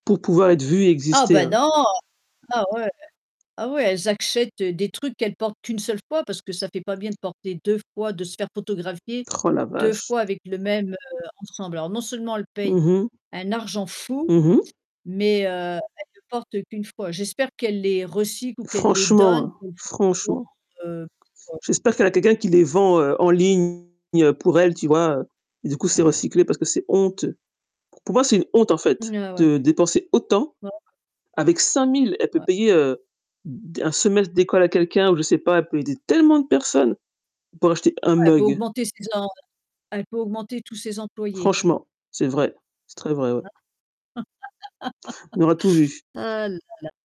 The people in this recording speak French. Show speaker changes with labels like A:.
A: Pour pouvoir être vu et
B: Ah
A: exister,
B: bah,
A: hein.
B: non, ah, ouais ah, ouais, elles achètent des trucs qu'elles portent qu'une seule fois parce que ça fait pas bien de porter 2 fois, de se faire photographier
A: Oh la
B: 2
A: vache!
B: fois avec le même, heu, ensemble. Alors non seulement elles payent
A: Mmh mh.
B: un argent fou,
A: Mmh mh.
B: mais heu, elles ne le portent qu'une fois. J'espère qu'elle les recycle ou qu'elle les donne
A: Franchement,
B: [unintelligible]
A: franchement.
B: heu [unintelligible]
A: J'espère qu'elle a quelqu'un qui les vend en ligne pour elle, tu vois? Et du coup, c'est recyclé parce que c'est honteux. Pour moi, c'est une honte, en fait,
B: Mmh, ah ouais.
A: de dépenser autant
B: [unintelligible]
A: avec 5000, elle peut
B: Ouais.
A: payer, heu, d d 1 semestre d'école à quelqu'un ou je sais pas, elle peut aider tellement de personnes pour acheter un
B: Ouais, elle peut
A: mug.
B: augmenter ses em elle peut augmenter tous ses employés.
A: Franchement, c'est vrai, c'est très vrai, ouais.
B: Ah
A: On aura tout vu.
B: Ah là la.